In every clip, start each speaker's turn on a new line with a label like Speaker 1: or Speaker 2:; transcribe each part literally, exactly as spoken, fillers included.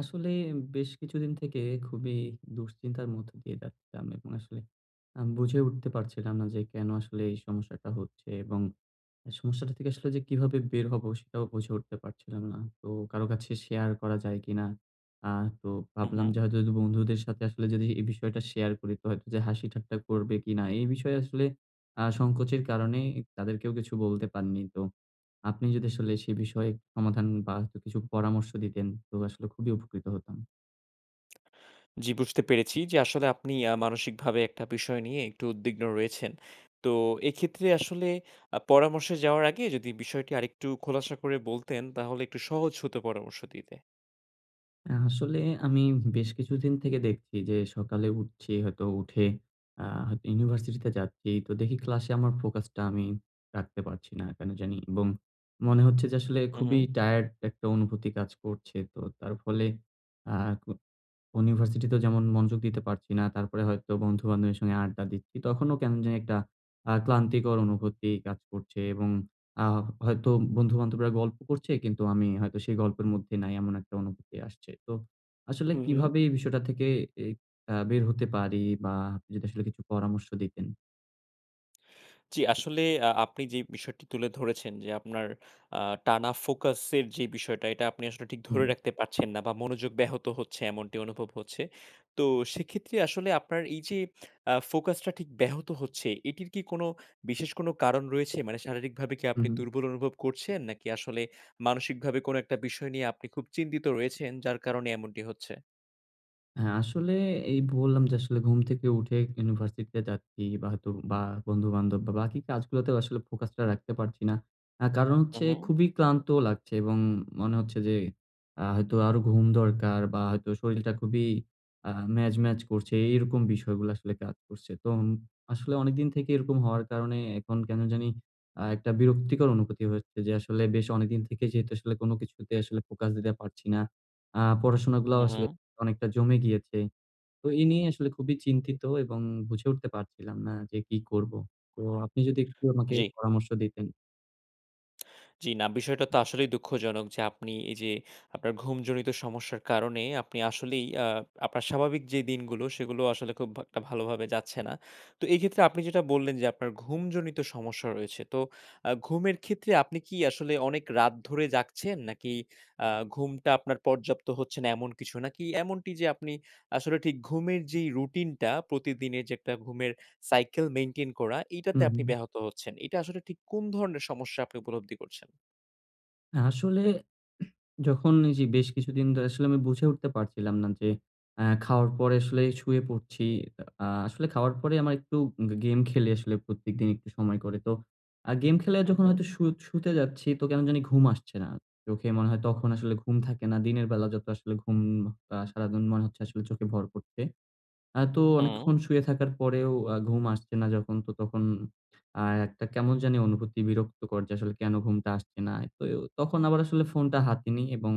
Speaker 1: আসলে বেশ কিছুদিন থেকে খুবই দুঃশ্চিন্তার মধ্যে দিয়ে যাচ্ছিলাম এবং আসলে আমি বুঝে উঠতে পারছিলাম না যে কেন আসলে এই সমস্যাটা হচ্ছে, এবং সমস্যাটা থেকে আসলে যে কিভাবে বের হবো সেটাও বুঝে উঠতে পারছিলাম না। তো কারো কাছে শেয়ার করা যায় কিনা। আ তো
Speaker 2: হু,
Speaker 1: ভাবলাম
Speaker 2: হু।
Speaker 1: যে হয়তো যদি বন্ধুদের সাথে আসলে যদি এ বিষয়টা শেয়ার করি তো হতো যে হাসি ঠাট্টা করবে কিনা এই বিষয়ে আসলে আ সংকোচের কারণেই তাদের কেউ কিছু বলতে পারনি। তো আপনি যদি আসলে সে বিষয়ে সমাধান বা হয়তো কিছু পরামর্শ দিতেন তো আসলে খুবই উপকৃত হতাম।
Speaker 2: জি বুঝতে পেরেছি যে আসলে আপনি আ মানসিকভাবে একটা বিষয় নিয়ে একটু উদ্বিগ্ন রয়েছেন। তো এক্ষেত্রে আসলে পরামর্শে যাওয়ার আগে যদি বিষয়টি আরেকটু খোলাসা করে বলতেন তাহলে একটু সহজ হত পরামর্শ দিতে।
Speaker 1: আ আসলে আমি বেশ কিছুদিন থেকে দেখছি যে সকালে উঠছি হয়তো উঠে। আ হয়তো ইউনিভার্সিটি তে যাচ্ছি। তো দেখি ক্লাস আমার ফোকাস টা আমি রাখতে পারছি না কেন জানি এবং মনে হচ্ছে যে আসলে
Speaker 2: হু,
Speaker 1: খুবই
Speaker 2: হু।
Speaker 1: টায়ার্ড একটা অনুভূতি কাজ করছে। তো তার ফলে আ ক ইউনিভার্সিটি তে যেমন মনোযোগ দিতে পারছি না। তারপরে হয়তো বন্ধু বান্ধবীর সঙ্গে আড্ডা দিচ্ছি। তখনও কেমন জানি একটা আ ক্লান্তিকর অনুভূতি কাজ করছে এবং আ হয়তো বন্ধু-বান্ধবীরা গল্প করছে কিন্তু আমি হয়তো সেই গল্পের মধ্যে নাই এমন একটা অনুভূতি আসছে। তো আসলে
Speaker 2: হু, হু।
Speaker 1: কিভাবে এই বিষয়টা থেকে এ আ বের হতে পারি বা আপনি যদি আসলে কিছু পরামর্শ দিতেন।
Speaker 2: জি আসলে আ আপনি যে বিষয়টি তুলে ধরেছেন যে আপনার আ টানা ফোকাসের যে বিষয়টা এটা আপনি আসলে ঠিক ধরে
Speaker 1: হুম।
Speaker 2: রাখতে পারছেন না বা মনোযোগ ব্যাহত হচ্ছে এমনটি অনুভব হচ্ছে। তো সেক্ষেত্রে আসলে আপনার এই যে আ ফোকাস টা ঠিক ব্যাহত হচ্ছে এটির কি কোনো বিশেষ কোনো কারণ রয়েছে? মানে শারীরিকভাবে কি আপনি
Speaker 1: হুম।
Speaker 2: দুর্বল অনুভব করছেন? নাকি আসলে মানসিকভাবে কোনো একটা বিষয় নিয়ে আপনি খুব চিন্তিত রয়েছেন যার কারণে এমনটি হচ্ছে?
Speaker 1: হ্যাঁ আসলে এই বললাম যে আসলে ঘুম থেকে উঠে ইউনিভার্সিটি তে যাচ্ছি, বা হয়তো বা বন্ধুবান্ধব বা বাকি কাজগুলাতে আসলে ফোকাস টা রাখতে পারছি না। আ কারণ
Speaker 2: হু,
Speaker 1: হচ্ছে
Speaker 2: হু।
Speaker 1: খুবই ক্লান্ত লাগছে এবং মনে হচ্ছে যে আ হয়তো আরো ঘুম দরকার বা হয়তো শরীরটা খুবই আ ম্যাজ, ম্যাজ করছে এরকম বিষয়গুলো আসলে কাজ করছে। তো আসলে অনেকদিন থেকেই এরকম হওয়ার কারণে এখন কেন জানি আ একটা বিরক্তিকর অনুভূতি হচ্ছে যে আসলে বেশ অনেকদিন থেকেই যেহেতু আসলে কোন কিছুতে আসলে ফোকাস দিতে পারছি না। আ পড়াশোনা গুলাও
Speaker 2: হু, হু।
Speaker 1: আসলে অনেকটা জমে গিয়েছে। তো এই নিয়ে আসলে খুবই চিন্তিত এবং বুঝে উঠতে পারছিলাম না যে কি করব। তো আপনি যদি একটু আমাকে
Speaker 2: জি।
Speaker 1: পরামর্শ দিতেন।
Speaker 2: জি না। বিষয়টা তো আসলেই দুঃখজনক। যে আপনি এই যে, আপনার ঘুমজনিত সমস্যার কারণে আপনি আসলেই আ আপনার স্বাভাবিক যে দিনগুলো সেগুলো আসলে খুব একটা ভালোভাবে যাচ্ছে না। তো এই ক্ষেত্রে, আপনি যেটা বললেন যে আপনার ঘুমজনিত সমস্যা রয়েছে। তো আ ঘুমের ক্ষেত্রে আপনি কি আসলে অনেক রাত ধরে জাগছেন? নাকি আ ঘুমটা আপনার পর্যাপ্ত হচ্ছে না এমন কিছু নাকি এমনটি যে, আপনি আসলে ঘুমের যেই রুটিনটা প্রতিদিনের যে একটা ঘুমের সাইকেল মেইনটেইন করা, এটাতে
Speaker 1: হুম,
Speaker 2: আপনি
Speaker 1: হু।
Speaker 2: ব্যাহত হচ্ছেন। এটা আসলে ঠিক কোন ধরনের সমস্যা উপলব্ধি করছেন?
Speaker 1: আসলে যখন এই যে বেশ কিছুদিন ধরে আসলে আমি বুঝে উঠতে পারছিলাম না যে, অ্যা খাওয়ার পরে আসলে শুয়ে পড়ছি। আ আসলে খাওয়ার পরে আমার একটু গেম খেললে আসলে প্রত্যেকদিন একটু সময় করে। তো গেম খেলে
Speaker 2: হু,
Speaker 1: যখন
Speaker 2: হু।
Speaker 1: হয়তো শু শুতে যাচ্ছি তো কেন জানি ঘুম আসছে না। চোখে মনে হয় তখন আসলে ঘুম থাকে না। দিনের বেলা যত আসলে ঘুম সারাদিন মনে হচ্ছে আসলে চোখে ভর করছে। আ তো
Speaker 2: হু।
Speaker 1: অনেকক্ষণ শুয়ে থাকার পরেও ঘুম আসছে না যখন তো তখন আ একটা কেমন জানি অনুভূতি বিরক্ত করছে আসলে কেন ঘুমটা আসছে না। তো তখন আবার আসলে ফোনটা হাতে নেই এবং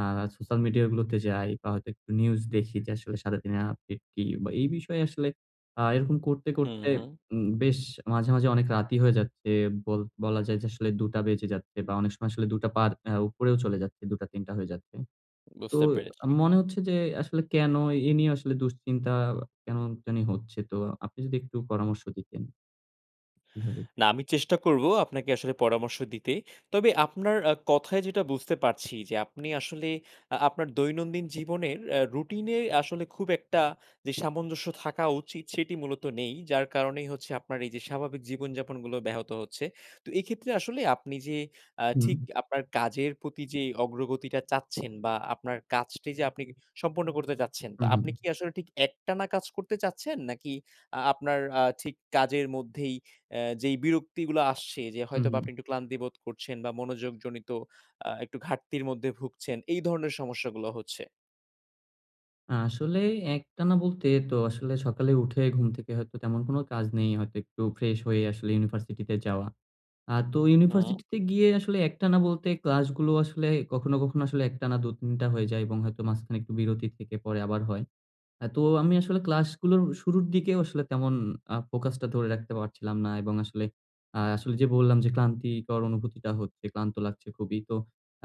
Speaker 1: আ সোশ্যাল মিডিয়া গুলোতে যাই বা হয়তো একটু নিউজ দেখি যে, আসলে সারাদিনে আপডেট কি বা এই বিষয়ে আসলে আ এরকম করতে,
Speaker 2: হু,
Speaker 1: করতে
Speaker 2: হু।
Speaker 1: উ বেশ মাঝে, মাঝে অনেক রাত হয়ে যাচ্ছে। বল বলা যায় যে আসলে দুই টা বেজে যাচ্ছে বা অনেক সময় আসলে দুই টা পার এ্যা উপরেও চলে যাচ্ছে। দুইটা-তিনটা হয়ে যাচ্ছে। তো
Speaker 2: বুঝতে পেরেছি।
Speaker 1: মনে হচ্ছে যে আসলে কেন এ নিয়ে আসলে দুশ্চিন্তা কেন জানি হচ্ছে। তো আপনি যদি একটু পরামর্শ দিতেন। কিভাবে?
Speaker 2: না আমি চেষ্টা করব আপনাকে আসলে পরামর্শ দিতে। তবে আপনার আ কথায় যেটা বুঝতে পারছি যে, আপনি আসলে আ আপনার দৈনন্দিন জীবনের রুটিন এ আসলে খুব একটা যে সামঞ্জস্য থাকা উচিত সেটি মূলত নেই। যার কারণেই হচ্ছে আপনার এই যে স্বাভাবিক জীবনযাপনগুলো ব্যাহত হচ্ছে। তো এক্ষেত্রে আসলে আপনি যে অ্যা ঠিক
Speaker 1: হুম।
Speaker 2: কাজের প্রতি যে অগ্রগতিটা চাচ্ছেন বা আপনার কাজটি যে সম্পূর্ণ করতে চাচ্ছেন, তো
Speaker 1: হু, হু।
Speaker 2: আপনি কি আসলে ঠিক একটানা কাজ করতে চাচ্ছেন? নাকি আ আপনার আ ঠিক কাজের মধ্যেই এ্যা যেই বিরক্তি গুলো আসছে, যে
Speaker 1: হু,
Speaker 2: হয়তোবা আপনি
Speaker 1: হু।
Speaker 2: একটু ক্লান্তি বোধ করছেন বা মনোযোগজনিত আ একটু ঘাটতির মধ্যে ভুগছেন এই ধরনের সমস্যাগুলো হচ্ছে।
Speaker 1: আসলেই একটানা বলতে তো, আসলে সকালে উঠে ঘুম থেকে হয়তো তেমন কোনো কাজ নেই। হয়তো একটু ফ্রেশ হয়ে আসলে ইউনিভার্সিটিতে যাওয়া। আর তো
Speaker 2: হুম।
Speaker 1: ইউনিভার্সিটি তে গিয়ে আসলে একটানা বলতে ক্লাস গুলো আসলে কখনো, কখনো আসলে একটানা দুই-তিন টা হয়ে যায় এবং হয়তো মাঝখানে একটু বিরতি থেকে পরে আবার হয়। আ তো আমি আসলে ক্লাস গুলোর শুরুর দিকেও আসলে তেমন আ ফোকাস টা ধরে রাখতে পারছিলাম না এবং আসলে আ আসলে যে বললাম যে ক্লান্তিকর অনুভূতিটা হচ্ছে, ক্লান্ত লাগছে খুবই। তো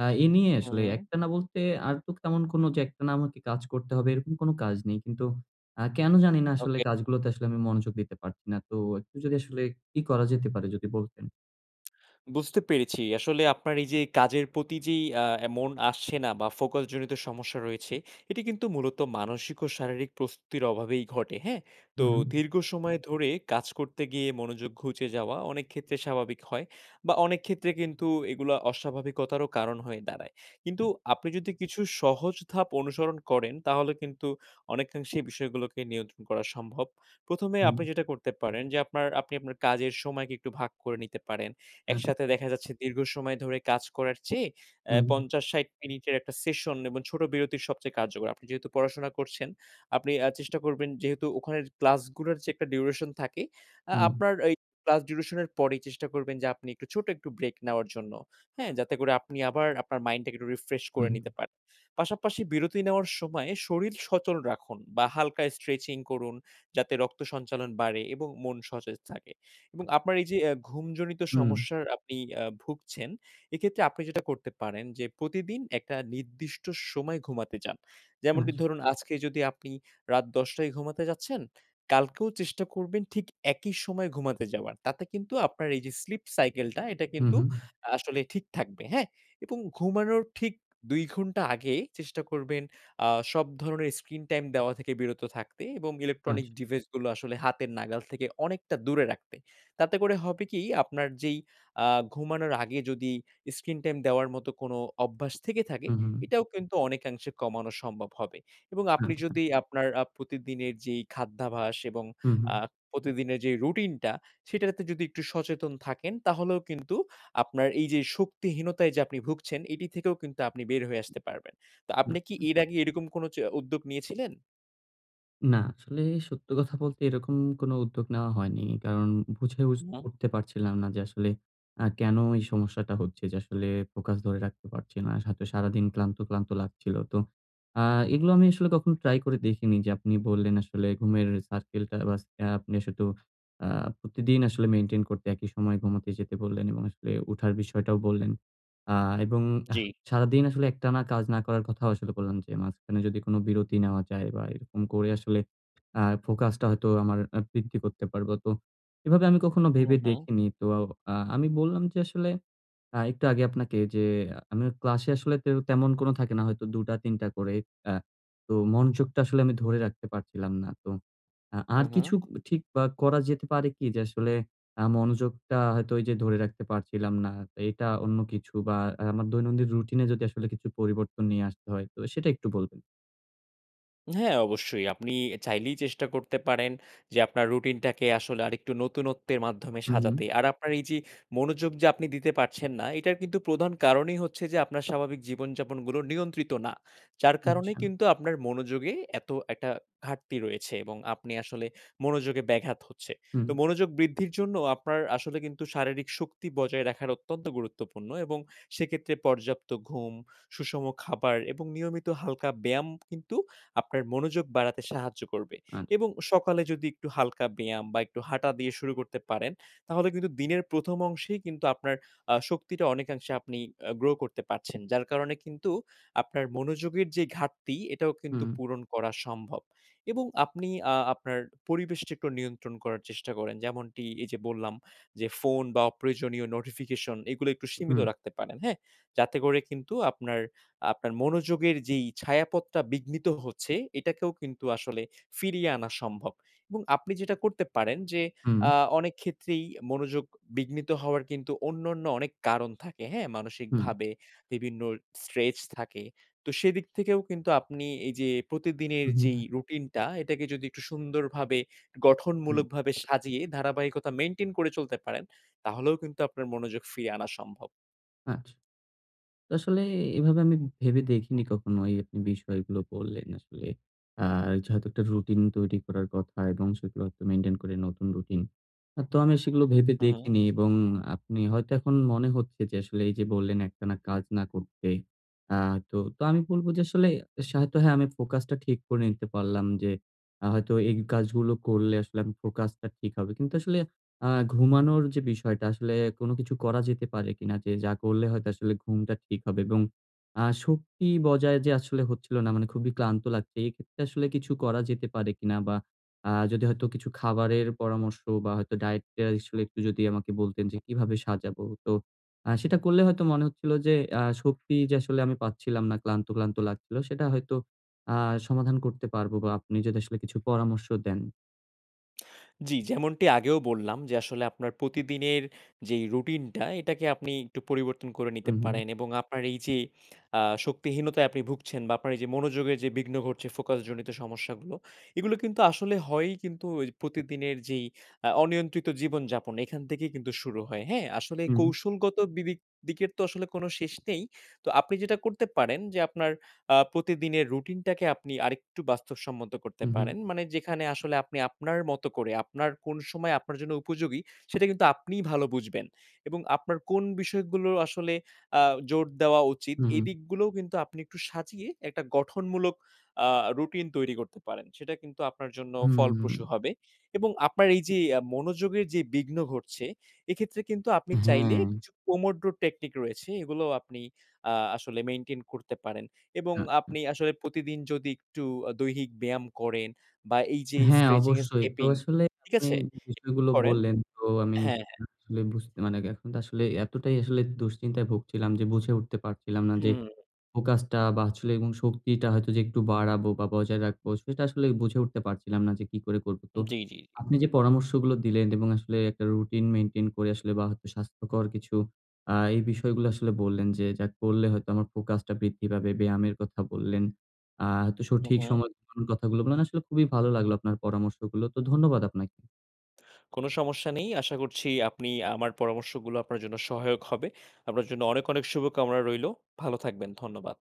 Speaker 1: আ এই নিয়ে
Speaker 2: হু,
Speaker 1: আসলে
Speaker 2: হু।
Speaker 1: একটানা বলতে আর তো তেমন কোন যে একটানা আমাকে কাজ করতে হবে এরকম কোন কাজ নেই। কিন্তু আ কেন জানি না আসলে
Speaker 2: ওকে।
Speaker 1: কাজগুলোতে আসলে আমি মনোযোগ দিতে পারছি না। তো একটু যদি আসলে কি করা যেতে পারে যদি বলতেন।
Speaker 2: বুঝতে পেরেছি। আসলে আপনার এই যে কাজের প্রতি যেই আ মন আসছে না বা focus জনিত সমস্যা রয়েছে এটি কিন্তু মূলত মানসিক ও শারীরিক প্রস্তুতির অভাবেই ঘটে। হ্যাঁ? তো
Speaker 1: হুম।
Speaker 2: দীর্ঘ সময় ধরে কাজ করতে গিয়ে মনোযোগ ঘুচে যাওয়া অনেক ক্ষেত্রে স্বাভাবিক হয় বা অনেক ক্ষেত্রে কিন্তু এগুলা অস্বাভাবিকতার কারণ হয়ে দাঁড়ায়। কিন্তু
Speaker 1: হু।
Speaker 2: আপনি যদি কিছু সহজ ধাপ অনুসরণ করেন তাহলে কিন্তু অনেকাংশে বিষয়গুলোকে নিয়ন্ত্রণ করা সম্ভব। প্রথম, এ
Speaker 1: হুম।
Speaker 2: আপনি যেটা করতে পারেন যে, আপনার আপনি আপনার কাজের সময় একটু ভাগ করে নিতে পারেন।
Speaker 1: আচ্ছা।
Speaker 2: একসাথে দেখা যাচ্ছে দীর্ঘ সময় ধরে কাজ করার চেয়ে অ্যা
Speaker 1: হুম।
Speaker 2: পঞ্চাশ, ষাট মিনিটের একটা সেশন এবং ছোট বিরতির সবচেয়ে কার্যকর। আপনি যেহেতু পড়াশোনা করছেন, আপনি আ চেষ্টা করবেন যেহেতু ওখানের ক্লাসগুলোর যে একটা ডিউরেশন থাকে, আ
Speaker 1: হুম।
Speaker 2: আপনার ওই ক্লাস ডিউরেশন এর পরেই চেষ্টা করবেন যে আপনি একটু ছোট একটু ব্রেক নেওয়ার জন্য। হ্যাঁ, যাতে করে আপনি আবার আপনার মাইন্ডটাকে একটু রিফ্রেশ করে
Speaker 1: হুম।
Speaker 2: নিতে পারেন। পাশাপাশি বিরতি নেওয়ার সময় শরীর সচল রাখুন বা হালকায় stretching করুন, যাতে রক্ত সঞ্চালন বাড়ে এবং মন সতেজ থাকে। এবং আপনার এই যে অ্যা ঘুমজনিত
Speaker 1: হুম।
Speaker 2: সমস্যার আপনি আ ভুগছেন এক্ষেত্রে আপনি যেটা করতে পারেন, যে প্রতিদিন একটা নির্দিষ্ট সময় ঘুমাতে যান। যেমনটি
Speaker 1: আচ্ছা।
Speaker 2: ধরুন, আজকে যদি আপনি রাত দশটায় ঘুমাতে যাচ্ছেন, কালকেও চেষ্টা করবেন ঠিক একই সময় ঘুমাতে যাওয়ার। তাতে কিন্তু আপনার এই যে স্লিপ সাইকেলটা এটা
Speaker 1: হু,
Speaker 2: কিন্তু
Speaker 1: হু।
Speaker 2: আসলে ঠিক থাকবে হ্যাঁ? এবং ঘুমানোর ঠিক দুই ঘন্টা আগে চেষ্টা করবেন আ সব ধরণের স্ক্রিন টাইম দেওয়া থেকে বিরত থাকতে এবং ইলেকট্রনিক
Speaker 1: আচ্ছা।
Speaker 2: ডিভাইস গুলো আসলে হাতের নাগাল থেকে অনেকটা দূরে রাখতে। তাতে করে হবে কি আপনার যেই আ ঘুমানোর আগে যদি স্ক্রিন টাইম দেওয়ার মত কোন অভ্যাস থেকে থাকে,
Speaker 1: হু, হু।
Speaker 2: এটাও কিন্তু অনেকাংশে কমানো সম্ভব হবে। এবং আপনি
Speaker 1: আচ্ছা।
Speaker 2: যদি আপনার আ প্রতিদিনের যেই খাদ্যাভ্যাস এবং
Speaker 1: হু,
Speaker 2: আ
Speaker 1: হু।
Speaker 2: প্রতিদিনের যে রুটিনটা সেটাতে যদি একটু সচেতন থাকেন তাহলেও কিন্তু আপনার এই যে শক্তিহীনতায় যে আপনি ভুগছেন এটি থেকেও কিন্তু আপনি বের হয়ে আসতে পারবেন। তো আপনি কি
Speaker 1: আচ্ছা।
Speaker 2: এর আগে এরকম কোন চ উদ্যোগ নিয়েছিলেন?
Speaker 1: না আসলে সত্য কথা বলতে এরকম কোনো উদ্যোগ নেওয়া হয়নি। কারণ বুঝে উস
Speaker 2: উ হু।
Speaker 1: উঠতে পারছিলাম না যে আসলে আ কেনো এই সমস্যাটা হচ্ছে যে আসলে ফোকাস ধরে রাখতে পারছি না। হয়তো সারাদিন ক্লান্ত, ক্লান্ত লাগছিলো তো আ এগুলো আমি আসলে কখনো ট্রাই করে দেখিনি যে আপনি বললেন আসলে ঘুমের সার্কেলটা বা আপনি শুধু আ প্রতিদিন আসলে মেইনটেইন করতে একই সময়ে ঘুমাতে যেতে বললেন এবং আসলে উঠার বিষয়টাও বললেন আ এবং আহ
Speaker 2: জি।
Speaker 1: সারাদিন আসলে একটানা কাজ না করার কথাও আসলে বললাম যে মাঝখানে যদি কোনো বিরতি নেওয়া যায় বা এরকম করে আসলে আ ফোকাসটা হয়তো আমার বৃদ্ধি করতে পারবো। তো এভাবে আমি কখনো
Speaker 2: উ
Speaker 1: ভেবে
Speaker 2: হু।
Speaker 1: দেখিনি। তো আ আমি বললাম যে আসলে আ একটু আগে আপনাকে যে আমি ক্লাসে আসলে তেমন কোনো থাকে না হয়তো দুটা-তিন টা করে। আ তো মনযোগটা আসলে আমি ধরে রাখতে পারছিলাম না। তো আ
Speaker 2: হু,
Speaker 1: আর
Speaker 2: হু।
Speaker 1: কিছু ঠিক আ করা যেতে পারে কি? যে আসলে আ মনোযোগটা হয়তো ওই যে ধরে রাখতে পারছিলাম না। তো এটা অন্য কিছু বা আ আমার দৈনন্দিন রুটিনে যদি আসলে কিছু পরিবর্তন নিয়ে আসতে হয় তো সেটা একটু বলবেন।
Speaker 2: হ্যাঁ অবশ্যই। আপনি চাইলেই চেষ্টা করতে পারেন যে আপনার রুটিনটাকে আসলে আরেকটু নতুনত্বের মাধ্যমে
Speaker 1: হু,
Speaker 2: সাজাতে।
Speaker 1: হু।
Speaker 2: আর আপনার এই যে মনোযোগ যে আপনি দিতে পারছেন না এটার কিন্তু প্রধান কারণই হচ্ছে যে আপনার স্বাভাবিক জীবনযাপন গুলো নিয়ন্ত্রিত না। যার কারণে
Speaker 1: আচ্ছা।
Speaker 2: কিন্তু আপনার মনোযোগে এত একটা ঘাটতি রয়েছে এবং আপনি আসলে মনোযোগে ব্যাঘাত হচ্ছে।
Speaker 1: হুম।
Speaker 2: তো মনোযোগ বৃদ্ধির জন্য আপনার আসলে কিন্তু শারীরিক শক্তি বজায় রাখার অত্যন্ত গুরুত্বপূর্ণ এবং সেক্ষেত্রে পর্যাপ্ত ঘুম, সুষম খাবার এবং নিয়মিত হালকা ব্যায়াম কিন্তু আপনার মনোযোগ বাড়াতে সাহায্য করবে
Speaker 1: আছ
Speaker 2: এবং সকালে যদি একটু হালকা ব্যায়াম বা একটু হাঁটা দিয়ে শুরু করতে পারেন তাহলে কিন্তু দিনের প্রথম অংশেই কিন্তু আপনার আ শক্তিটা অনেকাংশে আপনি আ গ্রো করতে পারছেন। যার কারণে কিন্তু আপনার মনোযোগের যে ঘাটতি এটাও কিন্তু
Speaker 1: হুম।
Speaker 2: পূরণ করা সম্ভব এবং আপনি আ আপনার পরিবেশটা একটু নিয়ন্ত্রণ করার চেষ্টা করেন। যেমনটি এই যে বললাম যে ফোন বা অপ্রয়োজনীয় নোটিফিকেশন এগুলো একটু সীমিত
Speaker 1: হুম।
Speaker 2: রাখতে পারেন। হ্যাঁ? যাতে করে কিন্তু আপনার, আপনার মনোযোগের যেই ছায়াপথটা বিঘ্নিত হচ্ছে এটাকেও কিন্তু আসলে ফিরিয়ে আনা সম্ভব এবং আপনি যেটা করতে পারেন যে
Speaker 1: হুম।
Speaker 2: আ অনেক ক্ষেত্রেই মনোযোগ বিঘ্নিত হওয়ার কিন্তু অন্যান্য অনেক কারণ থাকে। হ্যাঁ?
Speaker 1: হু।
Speaker 2: মানসিকভাবে বিভিন্ন স্ট্রেস থাকে। তো সেদিক থেকেও কিন্তু আপনি এই যে
Speaker 1: উ
Speaker 2: প্রতিদিনের
Speaker 1: হু।
Speaker 2: যেই রুটিনটা এটাকে যদি একটু সুন্দরভাবে
Speaker 1: হুম।
Speaker 2: গঠনমূলকভাবে সাজিয়ে ধারাবাহিকতা মেইনটেইন করে চলতে পারেন, তাহলেও কিন্তু আপনার মনোযোগ ফিরিয়ে আনা সম্ভব।
Speaker 1: আচ্ছা। আসলে এভাবে আমি ভেবে দেখিনি কখনো এই আ বিষয়গুলো বললেন আসলে। আর যে হয়তো একটা রুটিন তৈরি করার কথা এবং সেগুলো হয়তো মেইনটেইন করে নতুন রুটিন। আ তো আমি সেগুলো ভেবে
Speaker 2: হু, হু।
Speaker 1: দেখিনি এবং আপনি হয়তো এখন মনে হচ্ছে যে আসলে এই যে বললেন একটানা কাজ না করতে। আ তো আমি বলবো যে আসলে হয়তো হ্যাঁ আমি ফোকাসটা ঠিক করে নিতে পারলাম যে আ হয়তো এই কাজগুলো করলে আসলে ফোকাসটা ঠিক হবে। কিন্তু আসলে আ ঘুমানোর যে বিষয়টা আসলে কোনো কিছু করা যেতে পারে কিনা যে যা করলে হয়তো আসলে ঘুমটা ঠিক হবে এবং আ শক্তি বজায় যে আসলে হচ্ছিল না মানে খুবই ক্লান্ত লাগছে। এক্ষেত্রে আসলে কিছু করা যেতে পারে কিনা? বা আ যদি হয়তো কিছু খাবারের পরামর্শ বা হয়তো ডায়েটের আসলে একটু যদি আমাকে বলতেন যে কিভাবে সাজাবো। তো আ সেটা করলে হয়তো মনে হচ্ছিল যে আ শক্তি যে আসলে আমি পাচ্ছিলাম না ক্লান্ত, ক্লান্ত লাগছিলো। সেটা হয়তো আ সমাধান করতে পারবো বা আপনি যদি আসলে কিছু পরামর্শ দেন।
Speaker 2: জী, যেমনটি আগেও বললাম যে, আসলে আপনার প্রতিদিনের যেই রুটিনটা এটাকে আপনি একটু পরিবর্তন করে
Speaker 1: উ
Speaker 2: নিতে
Speaker 1: হুম।
Speaker 2: পারেন। এবং আপনার এইযে আ শক্তিহীনতায় আপনি ভুগছেন বা আপনার এইযে মনোযোগের যে বিঘ্ন ঘটছে, ফোকাস জনিত সমস্যাগুলো, এগুলো কিন্তু আসলে হয়েই কিন্তু ওই প্রতিদিনের যেই আ অনিয়ন্ত্রিত জীবনযাপন, এখান থেকেই কিন্তু শুরু হয়, হ্যাঁ, আসলে
Speaker 1: হুম।
Speaker 2: কৌশলগত বিবিক দিকের তো আসলে কোনো শেষ নেই, তো আপনি যেটা করতে পারেন যে, আপনার আ প্রতিদিনের রুটিনটাকে আপনি আরেকটু বাস্তবসম্মত করতে
Speaker 1: হু, হুম।
Speaker 2: পারেন, মানে যেখানে আসলে আপনি আপনার মতো করে, আপনার কোন সময় আপনার জন্য উপযোগী? সেটা কিন্তু আপনিই ভালো বুঝবেন এবং আপনার কোন বিষয়গুলো আসলে আ জোর দেওয়া উচিত
Speaker 1: হু, হুম।
Speaker 2: এদিকগুলোও কিন্তু আপনি একটু সাজিয়ে একটা গঠনমূলক আ রুটিন তৈরি করতে পারেন। সেটা কিন্তু আপনার জন্য
Speaker 1: হুম।
Speaker 2: ফলপ্রসু হবে। এবং আপনার এইযে অ্যা মনোযোগের যে বিঘ্ন ঘটছে, এক্ষেত্রে কিন্তু আপনি চাইলেই
Speaker 1: হ্যাঁ।
Speaker 2: পোমোড্র টেকনিক রয়েছে, এগুলোও আপনি আ আসলে মেইনটেইন করতে পারেন। এবং
Speaker 1: আ
Speaker 2: আপনি আসলে প্রতিদিন যদি একটু দৈহিক ব্যায়াম করেন বা এইযে
Speaker 1: হ্যাঁ,
Speaker 2: স্ট্রেচিং এ
Speaker 1: অবশ্যই, তো
Speaker 2: স্কেপিং,
Speaker 1: আসলে
Speaker 2: ঠিক
Speaker 1: নি
Speaker 2: আছে, এ [unintelligible]
Speaker 1: বিষয়গুলো
Speaker 2: করেন,
Speaker 1: বললেন, তো আমি
Speaker 2: হ্যাঁ, হ্যাঁ।
Speaker 1: আসলে বুঝতে মানে গে এখন তো আসলে এতটাই আসলে দুশ্চিন্তায় ভুগছিলাম যে বুঝে উঠতে পারছিলাম না
Speaker 2: উ
Speaker 1: যে,
Speaker 2: হুম।
Speaker 1: ফোকাসটা বাছলে এবং শক্তিটা হয়তো যে একটু বাড়াবো বা বজায় রাখবো, সেটা আসলে বুঝে উঠতে পারছিলাম না যে কি করে করবো? তো
Speaker 2: উম জী, জী, জী।
Speaker 1: আপনি যে পরামর্শগুলো দিলেন এবং আসলে একটা রুটিন মেইনটেইন করে আসলে বা হয়তো স্বাস্থ্যকর কিছু, আ এই বিষয়গুলো আসলে বললেন, যে যা করলে হয়তো আমার ফোকাসটা বৃদ্ধি পাবে, ব্যায়ামের কথা বললেন, আ তো
Speaker 2: হুম,
Speaker 1: সঠিক
Speaker 2: হুম।
Speaker 1: সময় [unintelligible] কথাগুলো মানে আসলে খুবই ভালো লাগলো আপনার পরামর্শগুলো, তো ধন্যবাদ আপনাকে।
Speaker 2: কোনো সমস্যা নেই, আশা করছি আপনি, আমার পরামর্শগুলো আপনার জন্য সহায়ক হবে। আপনার জন্য অনেক, অনেক, শুভকামনা রইলো। ভালো থাকবেন, ধন্যবাদ।